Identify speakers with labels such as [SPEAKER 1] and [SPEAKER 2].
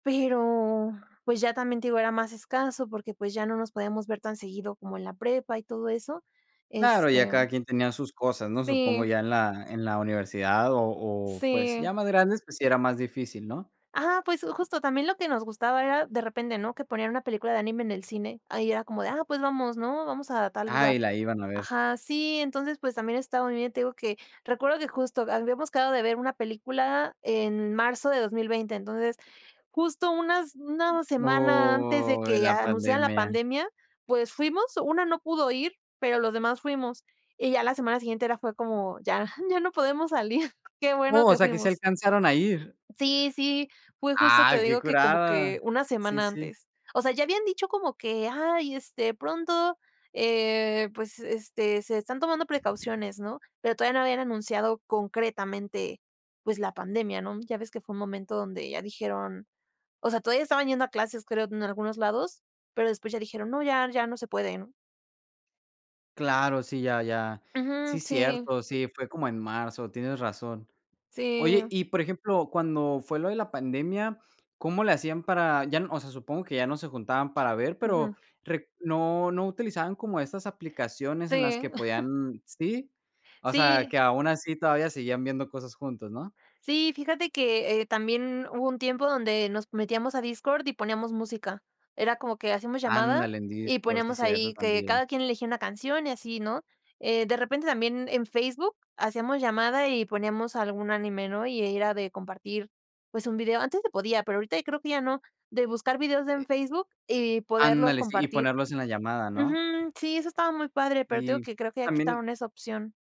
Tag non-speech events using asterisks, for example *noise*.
[SPEAKER 1] Pero pues, ya también, te digo, era más escaso porque, pues, ya no nos podíamos ver tan seguido como en la prepa y todo eso.
[SPEAKER 2] Claro, ya
[SPEAKER 1] Este
[SPEAKER 2] cada quien tenía sus cosas, ¿no? Supongo
[SPEAKER 1] Sí.
[SPEAKER 2] ya en la en la universidad, o o, pues,
[SPEAKER 1] Sí.
[SPEAKER 2] ya más grandes, pues, sí era más difícil, ¿no?
[SPEAKER 1] Ajá, pues, justo también lo que nos gustaba era de repente, ¿no? Que ponían una película de anime en el cine, ahí era como de, ah, pues, vamos, ¿no? Vamos a tal
[SPEAKER 2] Ah y
[SPEAKER 1] lugar
[SPEAKER 2] la iban a ver.
[SPEAKER 1] Ajá, sí, entonces, pues también está muy bien, te digo que recuerdo que justo habíamos quedado de ver una película en marzo de 2020, entonces, justo unas una semana antes de
[SPEAKER 2] Oh, en
[SPEAKER 1] que
[SPEAKER 2] la
[SPEAKER 1] anunciaran la
[SPEAKER 2] pandemia.
[SPEAKER 1] pandemia, pues, fuimos, una no pudo ir, pero los demás fuimos, y ya la semana siguiente era fue como, ya, ya no podemos salir, qué bueno
[SPEAKER 2] ¡Oh! O
[SPEAKER 1] que
[SPEAKER 2] sea, ¿que sí
[SPEAKER 1] fuimos.
[SPEAKER 2] alcanzaron a ir?
[SPEAKER 1] Sí, sí, fue justo,
[SPEAKER 2] ¡Ah!
[SPEAKER 1] te
[SPEAKER 2] Qué
[SPEAKER 1] digo que como
[SPEAKER 2] curada.
[SPEAKER 1] que una
[SPEAKER 2] Sí,
[SPEAKER 1] semana
[SPEAKER 2] sí.
[SPEAKER 1] antes. O sea, ya habían dicho como que: "Ay, este, pronto, eh, pues, este, se están tomando precauciones", ¿no? Pero todavía no habían anunciado concretamente, pues la pandemia, no, ya ves que fue un momento donde ya dijeron, o sea, todavía estaban yendo a clases, creo, en algunos lados, pero después ya dijeron: "No, ya, ya no se puede", ¿no?
[SPEAKER 2] Claro, sí, ya ya,
[SPEAKER 1] Ujú,
[SPEAKER 2] sí
[SPEAKER 1] sí.
[SPEAKER 2] cierto, sí, fue como en marzo, tienes razón. Oye,
[SPEAKER 1] Sí.
[SPEAKER 2] y, por ejemplo, cuando fue lo de la pandemia, cómo le hacían para ya, o sea, supongo que ya no se juntaban para ver, pero
[SPEAKER 1] Ujú.
[SPEAKER 2] re no no utilizaban como esas aplicaciones en las
[SPEAKER 1] Sí.
[SPEAKER 2] que
[SPEAKER 1] *giggles*
[SPEAKER 2] podían sí, o sea,
[SPEAKER 1] Sí
[SPEAKER 2] que aun así todavía seguían viendo cosas juntos, ¿no?
[SPEAKER 1] Sí, fíjate que, eh, también hubo un tiempo donde nos metíamos a Discord y poníamos música, era como que hacíamos llamada,
[SPEAKER 2] Ándale, en
[SPEAKER 1] y
[SPEAKER 2] Discord, si
[SPEAKER 1] poníamos
[SPEAKER 2] cierto,
[SPEAKER 1] ahí que
[SPEAKER 2] también.
[SPEAKER 1] cada quien elegía una canción, y así, ¿no? Eh, de repente también en Facebook hacíamos llamada y poníamos algún anime, ¿no? Ahí era de compartir, pues un video, antes se podía, pero ahorita creo que ya no, de buscar videos en
[SPEAKER 2] Es
[SPEAKER 1] Facebook y poderlos
[SPEAKER 2] Ándale, sí, y
[SPEAKER 1] compartir
[SPEAKER 2] ponerlos en la llamada,
[SPEAKER 1] ujú,
[SPEAKER 2] ¿no?
[SPEAKER 1] sí, eso estaba muy padre, pero te digo
[SPEAKER 2] Y
[SPEAKER 1] que creo que ya
[SPEAKER 2] también
[SPEAKER 1] quitaron esa opción.